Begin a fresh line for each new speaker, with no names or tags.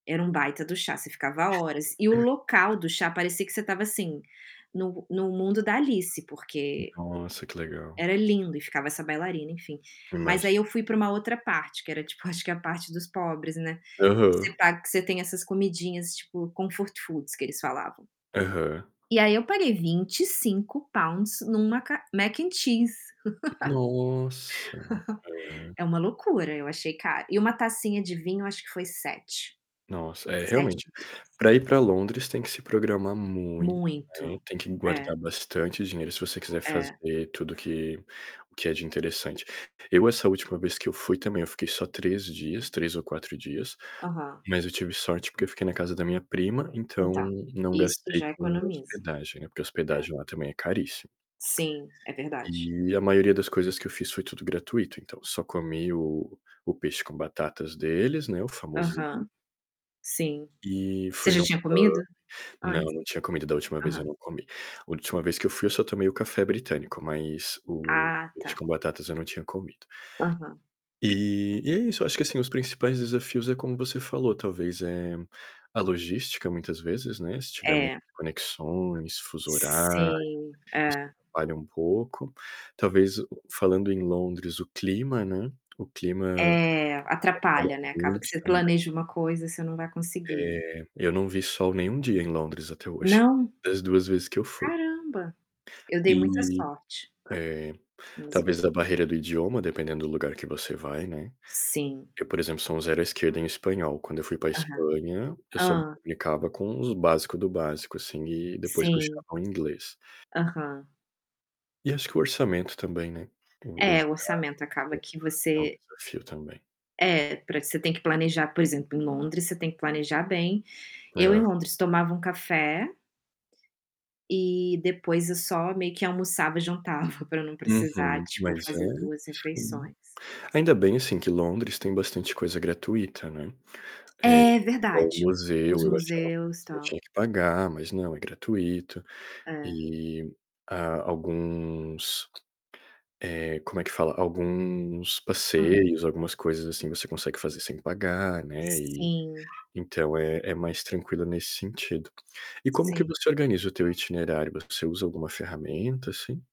Era um baita do chá, você ficava horas. E o local
[unintelligible]
do chá parecia que você tava assim, no no mundo da Alice, porque
Nossa, que legal.
era lindo e ficava essa bailarina, enfim. Mas
Imagi
aí eu fui pra uma outra parte, que era tipo, acho que a parte dos pobres, né, que você
Aham.
paga que você tem essas comidinhas, tipo comfort foods, que eles falavam.
Aham.
E aí, eu paguei £25 numa ca Mac and Cheese.
Nossa! É.
É uma loucura, eu achei caro. E uma tacinha de vinho acho que foi 7.
Nossa! É, realmente,
£7.
pra ir pra Londres tem que se programar muito. Tem
Muito.
tem que
É.
guardar bastante dinheiro, se você quiser
É.
fazer tudo que o que é de interessante. Eu, essa última vez que eu fui também, eu fiquei só 3 dias, 3 ou 4 dias,
Aham.
mas eu tive sorte porque eu fiquei na casa da minha prima, então,
Então,
não
isso
gastei
já
com
economiza.
hospedagem. Porque a
É.
hospedagem lá também é caríssi
Sim, é verdade.
E a maioria das coisas que eu fiz foi tudo gratuito, então só comi o o peixe com batatas deles, né, o famosinho.
Aham. Sim.
E
Você
fui
já
no
tinha
pub
comido?
Não,
Antes?
não tinha comido, da última vez
Aham.
eu não comi. Última vez que eu fui, eu só tomei o café britânico, mas o
Ah,
peixe
tá.
com batatas eu não tinha comido.
Aham.
Eh, e é isso, acho que assim, os principais desafios é como você falou, talvez, eh, a logística, muitas vezes, né, se tiver muitas
É.
conexões, fuso horário,
Sim,
isso
é.
atrapalha um pouco. Talvez, o falando em Londres, o clima, né, o clima
É,
atrapalha
atrapalha, né.
a
Acaba que
noite
você
também.
planeja uma coisa você não vai conseguir.
Eh, eu não vi sol nenhum dia em Londres até hoje,
Não?
das 2 vezes que eu fui.
Caramba! Eu dei muita
Eh,
sorte.
é,
[unintelligible]
talvez a barreira do idioma, dependendo do lugar que você vai, né.
Sim.
Eu, por exemplo, sou um zero à esquerda em espanhol. Quando eu fui pra
Aham.
Espanha, eu só me
Hã.
comunicava com os básico do básico assim, e depois
Sim.
puxava o inglês.
Aham.
E acho que o orçamento também, né, os
É, o
gastos
orçamento acaba que
é um
você
desafio também.
É, pra isso você tem que planejar, por exemplo, em Londres, você tem que planejar bem. Eu em
É.
Londres tomava um café e depois eu só meio que almoçava e jantava pra não precisar,
Uhum.
tipo,
Mais
fazer
velho
2
Sim.
refeições.
Ainda bem assim, que Londres tem bastante coisa gratuita, né. É,
É
igual o
verdade!
museu,
Os
e eu achava
museus,
que eu
tal.
tinha que pagar, mas não, é gratuito.
É.
E, ah, alguns, eh, como é que fala? Alguns
Hã.
passeios, algumas coisas assim ,você consegue fazer sem pagar, né, e
Sim.
então, é é mais tranquilo nesse sentido. E como que
Sim.
você organiza o teu itinerário? Você usa alguma ferramenta, assim?